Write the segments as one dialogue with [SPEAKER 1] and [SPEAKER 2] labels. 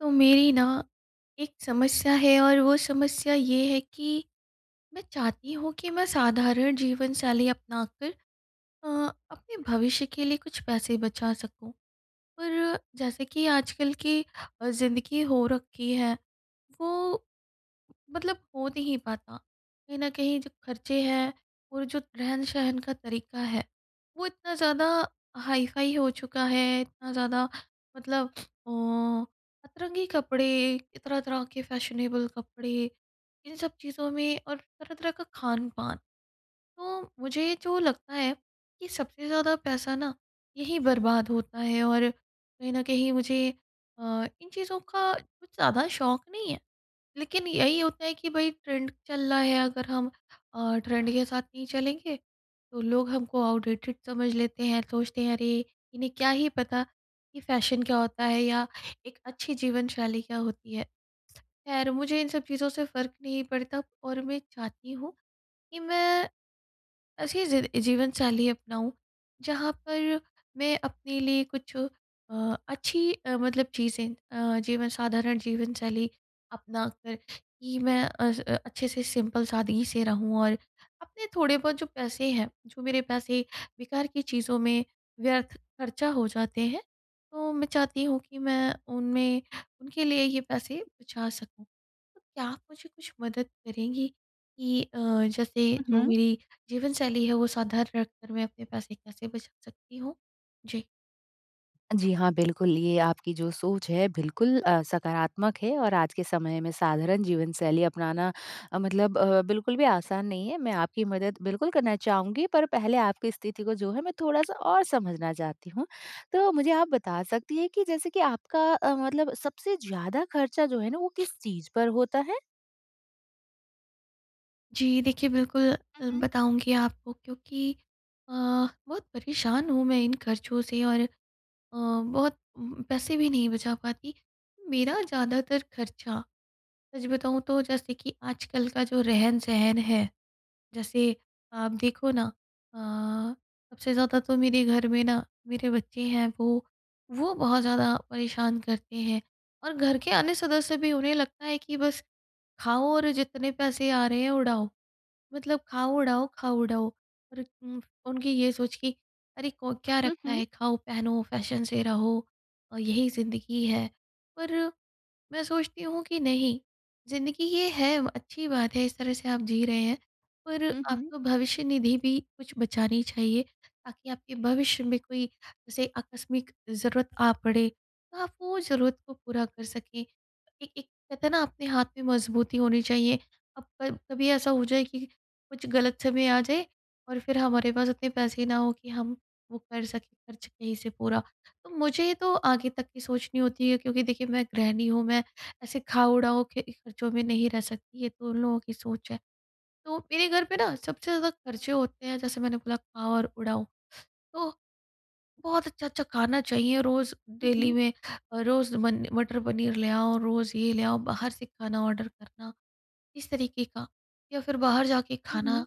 [SPEAKER 1] तो मेरी ना एक समस्या है, और वो समस्या ये है कि मैं चाहती हूँ कि मैं साधारण जीवनशैली अपनाकर अ, अपने भविष्य के लिए कुछ पैसे बचा सकूँ। पर जैसे कि आजकल की अ, ज़िंदगी हो रखी है, वो मतलब हो नहीं पाता। कहीं न कहीं जो खर्चे हैं और जो रहन-सहन का तरीका है, वो इतना ज़्यादा हाई-फाई हो चुका है, इतना ज़्यादा मतलब अ, अतरंगी कपड़े, तरह-तरह के फैशनेबल कपड़े, इन सब चीज़ों में, और तरह-तरह का खान-पान। तो मुझे जो लगता है कि सबसे ज़्यादा पैसा ना यहीं बर्बाद होता है। और कहीं न कहीं मुझे अ, इन चीज़ों का कुछ ज़्यादा शौक़ नहीं है, लेकिन यही होता है कि भई, ट्रेंड चल रहा है, अगर हम अ, ट्रेंड के साथ नहीं चलेंगे, तो लोग हमको आउटडेटेड समझ लेते हैं, सोचते हैं, "अरे! इन्हें क्या ही पता कि फैशन क्या होता है या एक अच्छी जीवनशैली क्या होती है।" खैर, मुझे इन सब चीज़ों से फ़र्क नहीं पड़ता, और मैं चाहती हूँ कि मैं ऐसी ज़िद जीवनशैली अपनाऊँ, जहाँ पर मैं अपने लिए कुछ अ, अच्छी अ, मतलब चीज़ें अ, जीवन साधारण जीवनशैली अपनाकर कि मैं अ, स अच्छे से सिंपल सादगी से रहूँ। और अपने थोड़े बहुत जो पैसे हैं, जो मेरे पैसे बेकार की चीज़ों में व्यर्थ खर्चा हो जाते हैं, तो मैं चाहती हूँ कि मैं उनमें उनके लिए ये पैसे बचा सकूँ। क्या आप मुझे कुछ मदद करेंगी कि अ, जैसे जो
[SPEAKER 2] उहुँ।
[SPEAKER 1] मेरी जीवनशैली है, वो साधारण रख कर मैं अपने पैसे कैसे बचा सकती हूँ? जी।
[SPEAKER 2] जी हाँ, बिल्कुल। ये आपकी जो सोच है बिल्कुल अ, सकारात्मक है और आज के समय में साधारण जीवन-शैली अपनाना अ, मतलब अ, बिल्कुल भी आसान नहीं है। मैं आपकी मदद बिल्कुल करना चाहूँगी पर पहले आपकी स्थिति को जो है मैं थोड़ा-सा और समझना चाहती हूँ। तो मुझे आप बता सकती हैं कि जैसे कि आपका अ, मतलब सबसे ज़्यादा खर्चा जो है ना, वो किस चीज़ पर होता है?
[SPEAKER 1] जी, देखिए बिल्कुल
[SPEAKER 2] हुँ,
[SPEAKER 1] अ,
[SPEAKER 2] हुँ।
[SPEAKER 1] बताऊँगी आपको क्योंकि अ, बहुत परेशान हूँ मैं इन खर्चों से और अ, बहुत उम, पैसे भी नहीं बचा पाती। मेरा ज़्यादातर खर्चा सच बताऊँ तो जैसे कि आजकल का जो रहन-सहन है, जैसे आप देखो ना अ, सबसे ज़्यादा तो मेरे घर में ना मेरे बच्चे हैं। वो, वो बहुत ज़्यादा परेशान करते हैं, और घर के अन्य सदस्य भी। उन्हें लगता है कि बस, खाओ और जितने पैसे आ रहे हैं उड़ाओ। मतलब खाओ उड़ाओ खाओ उड़ाओ, और उम, उनकी ये सोच कि अरे को क्या
[SPEAKER 2] हुँ,
[SPEAKER 1] रखा है,
[SPEAKER 2] हुँ।
[SPEAKER 1] खाओ पहनो फैशन से रहो अ, यही ज़िंदगी है। पर, मैं सोचती हूँ कि नहीं, ज़िंदगी ये है अच्छी बात है, इस तरह से आप जी रहे हैं। पर
[SPEAKER 2] हुँ, हुँ।
[SPEAKER 1] आपको भविष्य-निधि भी कुछ बचानी चाहिए ताकि आपके भविष्य में कोई जैसे आकस्मिक ज़रूरत आ पड़े, तो आप वो ज़रूरत को पूरा कर सकें। ए एक कहते हैं ना, अपने हाथ में मज़बूती होनी चाहिए। अब पर कभी ऐसा हो जाए कि कुछ गलत समय आ जाए और फिर हमारे पास इतने पैसे ना हो कि हम वो कर सकें खर्च कहीं से पूरा। तो मुझे ये तो आगे तक की सोचनी होती है क्योंकि देखिए मैं गृहणी हूँ। मैं ऐसे खाओ उड़ाओ के खर्चों में नहीं रह सकती। ये तो उन लोगों की सोच है। तो मेरे घर पे ना सबसे ज़्यादा खर्चे होते हैं जैसे मैंने बोला खाओ और उड़ाओ। तो, बहुत अच्छा-अच्छा खाना चाहिए रोज़ डेली
[SPEAKER 2] उहुँ।
[SPEAKER 1] में। अ, रोज़ मने मटर-पनीर ले आओ, रोज़ ये ले आओ बाहर से खाना ऑर्डर करना, इस तरीके का या फिर बाहर जाके
[SPEAKER 2] उहुँ।
[SPEAKER 1] खाना।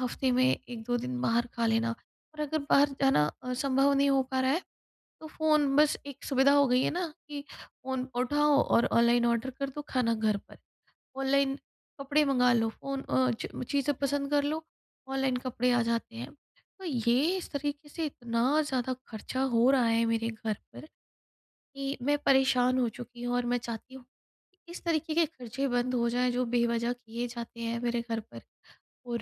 [SPEAKER 1] हफ़्ते में 1-2 दिन बाहर खा लेना और अगर बाहर जाना अ, संभव नहीं हो पा रहा है, तो फ़ोन बस एक सुविधा हो गई है ना कि फ़ोन उठाओ और ऑनलाइन ऑर्डर कर दो खाना घर पर। ऑनलाइन कपड़े मंगा लो। फ़ोन अ, च चीज़ें
[SPEAKER 2] हुँ, हुँ।
[SPEAKER 1] पसंद कर लो, ऑनलाइन कपड़े आ जाते हैं। तो ये इस तरीके से इतना ज़्यादा खर्चा हो रहा है मेरे घर पर, कि मैं परेशान हो चुकी हूँ और मैं चाहती हूँ, कि इस तरीके के खर्चे बंद हो जाएँ जो बेवजह किए जाते हैं मेरे घर पर। और,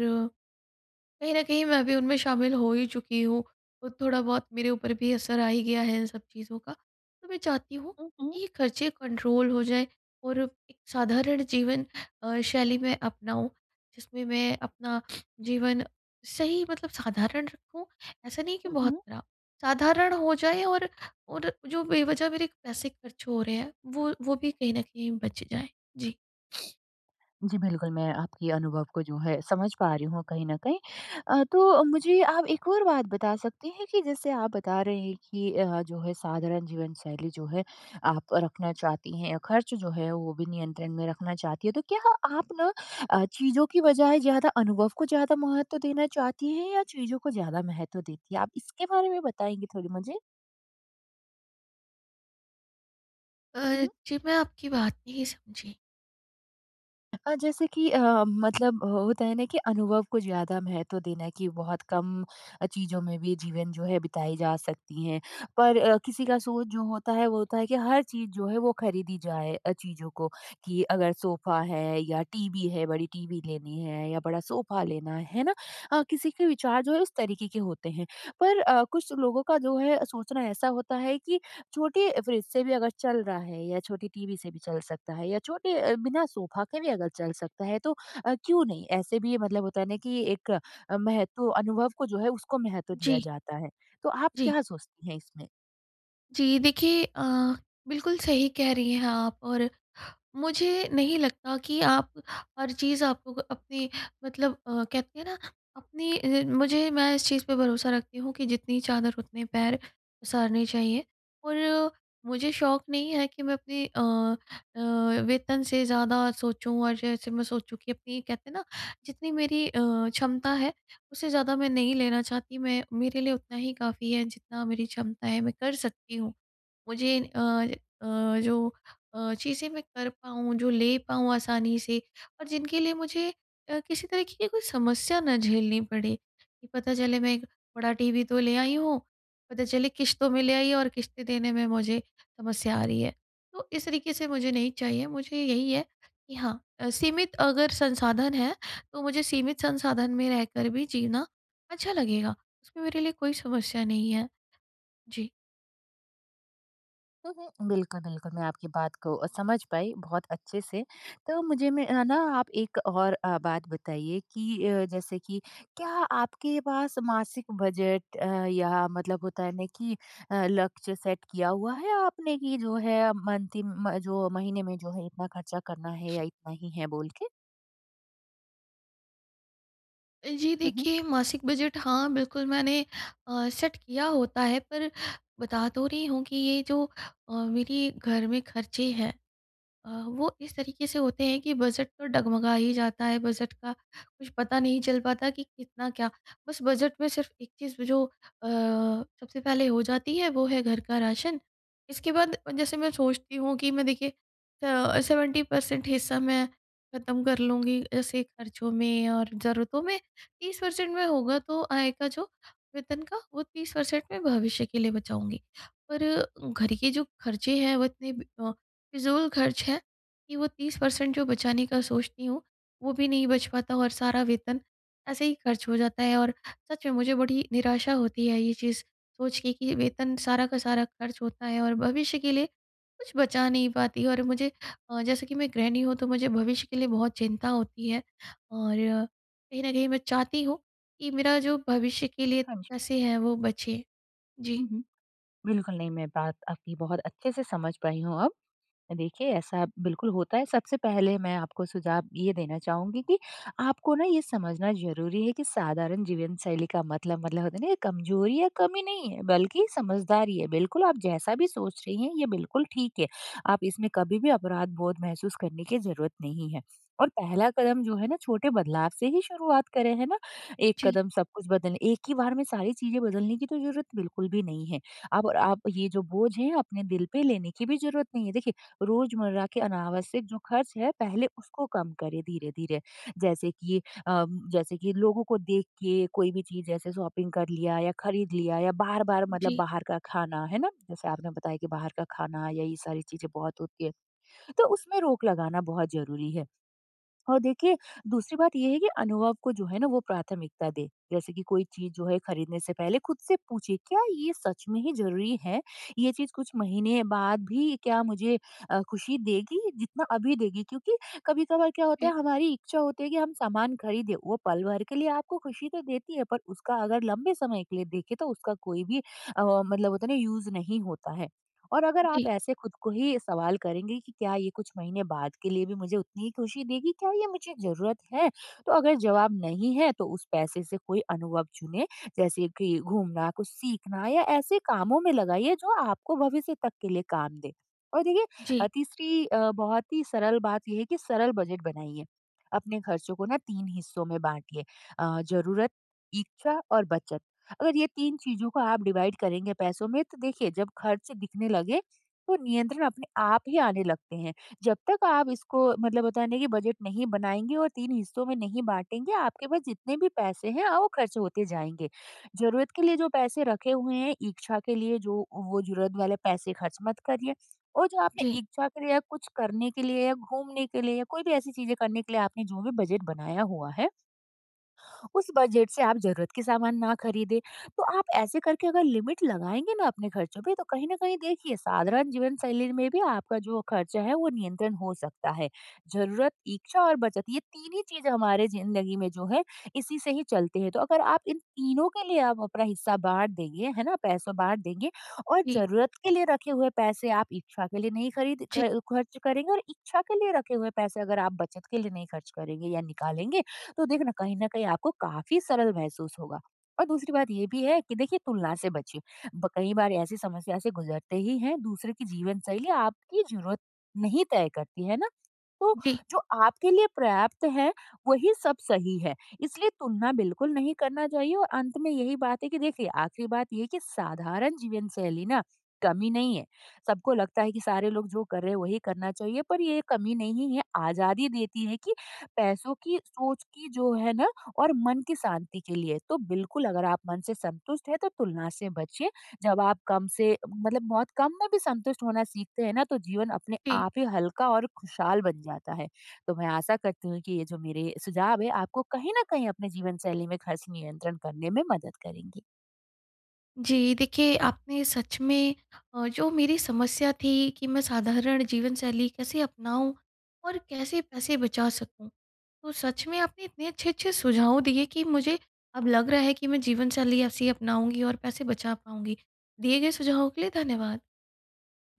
[SPEAKER 1] कहीं न कहीं मैं भी उनमें शामिल हो ही चुकी हूँ और थोड़ा बहुत मेरे ऊपर भी असर आ ही गया है इन सब चीज़ों का। तो मैं चाहती हूँ
[SPEAKER 2] हुँ, हुँ।
[SPEAKER 1] कि ये खर्चे कंट्रोल हो जाएँ और एक साधारण जीवन अ, शैली में अपनाऊँ जिसमें मैं अपना जीवन सही मतलब साधारण रखूँ, ऐसा नहीं कि बहुत
[SPEAKER 2] उहुँ।
[SPEAKER 1] खराब। साधारण हो जाए और और जो बेवजह मेरे पैसे खर्च हो रहे हैं, वो वो भी कहीं न कहीं बच जाएँ। जी।
[SPEAKER 2] जी, बिल्कुल मैं आपकी अनुभव को जो है समझ पा रही हूँ कहीं न कहीं। अ, तो अ, मुझे आप एक और बात बता सकती हैं कि जैसे आप बता रहे हैं कि अ, जो है साधारण जीवन शैली जो है आप रखना चाहती हैं या ख़र्च जो है वो भी नियंत्रण में रखना चाहती हैं। तो क्या आप ना अ, चीज़ों की बजाए ज़्यादा अनुभव को ज़्यादा महत्व देना चाहती हैं? या चीज़ों को ज़्यादा महत्व देती हैं आप इसके बारे में बताएँगी थोड़ी मुझे?
[SPEAKER 1] अ
[SPEAKER 2] अ,
[SPEAKER 1] अ,
[SPEAKER 2] हुँ।
[SPEAKER 1] जी मैं आपकी बात नहीं समझी।
[SPEAKER 2] अ, जैसे कि अ अ, मतलब अ अ, होता है ना कि अनुभव को ज़्यादा महत्व देना है कि बहुत कम अ, चीज़ों में भी जीवन जो है बिताई जा सकती हैं पर अ, किसी का सोच जो होता है वो होता है कि हर चीज़ जो है वो ख़रीदी जाए अ, चीज़ों को, कि अगर सोफ़ा है या टीवी है बड़ी टीवी लेनी है या बड़ा सोफ़ा लेना है ना? अ, किसी के विचार जो है उस तरीके के होते हैं। पर अ, कुछ लोगों का जो है सोचना ऐसा होता है कि छोटी फ्रिज से भी अगर चल रहा है या छोटी टीवी से भी चल सकता है या छोटे अ, बिना सोफ़ा के भी अगर चल सकता है तो अ, क्यों नहीं? ऐसे भी ये मतलब होता है ना कि एक अ, महत्व अनुभव को जो है उसको महत्व दिया
[SPEAKER 1] जी।
[SPEAKER 2] जाता है तो आप
[SPEAKER 1] जी।
[SPEAKER 2] क्या सोचती हैं इसमें?
[SPEAKER 1] जी। देखिए अ, बिल्कुल सही कह रही हैं आप। और मुझे नहीं लगता कि आप हर चीज़ आपको अपनी मतलब अ, कहते हैं ना अपनी अ, मुझे मैं इस चीज़ पे भरोसा रखती हूँ कि जितनी चादर उतने पैर पसारने चाहिए। और मुझे शौक नहीं है कि मैं अपनी अ अ, वेतन से ज़्यादा सोचूँ और जैसे मैं सोचूँ कि अपनी कहते हैं ना जितनी मेरी अ, क्षमता है उससे ज़्यादा मैं नहीं लेना चाहती मैं मेरे लिए उतना ही काफ़ी है जितना मेरी क्षमता है मैं कर सकती हूँ। मुझे अ अ, जो अ, चीज़ें मैं कर पाऊँ, जो ले पाऊँ आसानी से और जिनके लिए मुझे अ, किसी तरीके की कोई समस्या ना झेलनी पड़े कि पता चले मैं एक बड़ा टीवी तो ले आई हूँ पता चले किश्तों में ले आई और किश्तें देने में मुझे समस्या आ रही है। तो इस तरीके से मुझे नहीं चाहिए मुझे यही है कि हाँ, अ, सीमित अगर संसाधन है तो मुझे सीमित संसाधन में रहकर भी जीना अच्छा लगेगा। उसमें मेरे लिए कोई समस्या नहीं है। जी।
[SPEAKER 2] हुँ, हुँ। बिल्कुल, बिल्कुल। मैं आपकी बात को समझ पाई, बहुत अच्छे से। तो मुझे मैं है ना आप एक और अ, बात बताइए कि अ, जैसे कि क्या आपके पास मासिक बजट अ, या मतलब होता है ना कि अ, लक्ष्य सेट किया हुआ है आपने कि जो है मंथ इम जो महीने में जो है इतना ख़र्चा करना है या इतना ही है बोल के?
[SPEAKER 1] जी
[SPEAKER 2] हुँ, हुँ।
[SPEAKER 1] देखिए, मासिक बजट हाँ, बिल्कुल मैंने अ सेट किया होता है। पर बता तो रही हूँ कि ये जो अ, मेरी घर में ख़र्चे हैं अ, वो इस तरीके से होते हैं कि बजट तो डगमगा ही जाता है। बजट का कुछ पता नहीं चल पाता कि कितना क्या बस बजट में सिर्फ एक चीज़ जो अ, सबसे पहले हो जाती है वो है घर का राशन। इसके बाद जैसे मैं सोचती हूँ कि मैं देखिए अ, 70 परसेंट हिस्सा मैं खत्म कर लूँगी ऐसे ख़र्चों में और ज़रूरतों में 30 परसेंट में होगा तो आय का जो वेतन का वो 30 परसेंट में भविष्य के लिए बचाऊँगी। और घर के जो ख़र्चे हैं वो इतने अ, फ़िज़ूल ख़र्च हैं कि वो 30 परसेंट जो बचाने का सोचती हूँ वो भी नहीं बच पाता और सारा वेतन ऐसे ही ख़र्च हो जाता है। और सच में मुझे बड़ी निराशा होती है ये चीज़ सोच के कि वेतन सारा का सारा ख़र्च होता है और भविष्य के लिए कुछ बचा नहीं पाती। और मुझे जैसे कि मैं गृहणी हूँ तो मुझे भविष्य के लिए बहुत चिंता होती है। और कहीं न कहीं मैं चाहती हूँ कि मेरा जो भविष्य के लिए
[SPEAKER 2] हाँ जी।
[SPEAKER 1] पैसे हैं वो बचे। जी।
[SPEAKER 2] हुँ, हुँ। बिल्कुल नहीं। मैं बात आपकी बहुत अच्छे से समझ पाई हूँ अब। देखिए ऐसा बिल्कुल होता है। सबसे पहले मैं आपको सुझाव ये देना चाहूँगी कि आपको ना ये समझना ज़रूरी है कि साधारण जीवन शैली का मतलब मतलब होता है ना ये कमज़ोरी या कम नहीं है बल्कि समझदारी है। बिल्कुल, आप जैसा भी सोच रही हैं ये बिल्कुल ठीक है। आप इसमें कभी भी अपराध बोध महसूस करने की ज़रूरत नहीं है। और पहला कदम जो है ना छोटे बदलाव से ही शुरुआत करें, है ना। एक
[SPEAKER 1] जी।
[SPEAKER 2] कदम सब कुछ बदल एक ही बार में सारी चीज़ें बदलने की तो ज़रूरत बिल्कुल भी नहीं है। अब आप ये जो बोझ है अपने दिल पे लेने की भी ज़रूरत नहीं है। देखिए रोज़मर्रा के अनावश्यक जो ख़र्च हैं पहले उसको कम करें धीरे-धीरे। जैसे कि अ, जैसे कि लोगों को देख के कोई भी चीज़ जैसे शॉपिंग कर लिया या ख़रीद लिया या बार-बार मतलब
[SPEAKER 1] जी।
[SPEAKER 2] बाहर का खाना है ना, जैसे आपने बताया कि बाहर का खाना या ये सारी चीज़ें बहुत होती हैं। तो उसमें रोक लगाना बहुत ज़रूरी है। और देखिए दूसरी बात ये है कि अनुभव को जो है ना वो प्राथमिकता दें। जैसे कि कोई चीज़ जो है ख़रीदने से पहले ख़ुद से पूछिए, क्या ये सच में ही ज़रूरी है? ये चीज़ कुछ महीने बाद भी क्या मुझे अ, खुशी देगी जितना अभी देगी? क्योंकि कभी-कभार क्या होता
[SPEAKER 1] ए
[SPEAKER 2] है हमारी इच्छा होती है कि हम सामान ख़रीदें वो पल भर के लिए आपको खुशी तो देती है पर उसका अगर लंबे समय के लिए देखे तो उसका कोई भी अ, मतलब होता ना यूज़ नहीं होता है। और अगर आप
[SPEAKER 1] जी।
[SPEAKER 2] ऐसे ख़ुद को ही सवाल करेंगे कि क्या ये कुछ महीने बाद के लिए भी मुझे उतनी ही खुशी देगी? क्या ये मुझे ज़रूरत है? तो अगर जवाब नहीं है, तो उस पैसे से कोई अनुभव चुने। जैसे कि घूमना, कुछ सीखना या ऐसे कामों में लगाइए जो आपको भविष्य तक के लिए काम दें। और
[SPEAKER 1] जी।
[SPEAKER 2] देखिए तीसरी अ, बहुत ही सरल बात ये है कि सरल बजट बनाइए। अपने ख़र्चों को ना 3 हिस्सों में बाँटिए। अ ज़रूरत, इच्छा और बचत। अगर ये 3 चीज़ें को आप डिवाइड करेंगे पैसों में तो देखिए जब ख़र्च दिखने लगे तो नियंत्रण अपने आप ही आने लगते हैं। जब तक आप इसको मतलब होता है ना कि बजट नहीं बनाएँगे और 3 हिस्सों में नहीं बाँटेंगे, आपके पास जितने भी पैसे हैं वो ख़र्च होते जाएँगे। ज़रूरत के लिए जो पैसे रखे हुए हैं, इच्छा के लिए जो वो ज़रूरत वाले पैसे ख़र्च मत करिए और जो आपने
[SPEAKER 1] जी।
[SPEAKER 2] इच्छा के लिए या कुछ करने के लिए या घूमने के लिए या कोई भी ऐसी चीज़ें करने के लिए आपने जो भी बजट बनाया हुआ है उस बजट से आप ज़रूरत के सामान ना ख़रीदें। तो आप ऐसे करके अगर लिमिट लगाएँगे ना अपने ख़र्चों पे तो कहीं न कहीं देखिए साधारण जीवन शैली में भी आपका जो ख़र्चा है वो नियंत्रण हो सकता है। ज़रूरत, इच्छा और बचत ये 3 ही चीज़ें हमारे ज़िंदगी में जो है इसी से ही चलती है। तो अगर आप इन तीनों के लिए आप अपना हिस्सा बाँट देंगे है ना, पैसा बाँट देंगे और
[SPEAKER 1] जी।
[SPEAKER 2] ज़रूरत के लिए रखे हुए पैसे आप इच्छा के लिए नहीं खरीद
[SPEAKER 1] जी।
[SPEAKER 2] ख ख़र्च करेंगे और इच्छा के लिए रखे हुए पैसे अगर आप बचत के लिए नहीं ख़र्च करेंगे या निकालेंगे तो देखना कहीं न कहीं आपको काफ़ी सरल महसूस होगा। और दूसरी बात ये भी है कि देखिए तुलना से बचे। ब कई बार ऐसी समस्या से गुज़रते ही हैं, दूसरे की जीवन शैली आपकी ज़रूरत नहीं तय करती है ना? तो
[SPEAKER 1] जी।
[SPEAKER 2] जो आपके लिए पर्याप्त है वही सब सही है। इसलिए तुलना बिल्कुल नहीं करना चाहिए। और अंत में यही बात है कि देखिए आख़िरी बात ये है कि साधारण जीवन शैली ना कमी नहीं है। सबको लगता है कि सारे लोग जो कर रहे हैं वही करना चाहिए। पर ये कमी नहीं है, आज़ादी देती है कि पैसों की सोच की जो है ना और मन की शांति के लिए तो बिल्कुल अगर आप मन से संतुष्ट हैं तो तुलना से बचिए। जब आप कम से मतलब बहुत कम में भी संतुष्ट होना सीखते है ना तो जीवन अपने
[SPEAKER 1] जी।
[SPEAKER 2] आप ही हल्का और खुशहाल बन जाता है। तो मैं आशा करती हूँ कि ये जो मेरे सुझाव है आपको कहीं न कहीं अपने जीवन शैली में ख़र्च नियंत्रण करने में मदद करेंगे।
[SPEAKER 1] जी देखिए, आपने सच में अ, जो मेरी समस्या थी कि मैं साधारण जीवन शैली कैसे अपनाऊँ और कैसे पैसे बचा सकूँ। तो सच में आपने इतने अच्छे-अच्छे सुझाव दिए कि मुझे अब लग रहा है कि मैं जीवन शैली ऐसी अपनाऊँगी और पैसे बचा पाऊँगी। दिए गए सुझावों के लिए धन्यवाद।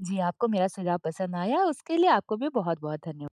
[SPEAKER 2] जी, आपको मेरा सुझाव पसंद आया उसके लिए आपको भी बहुत-बहुत धन्यव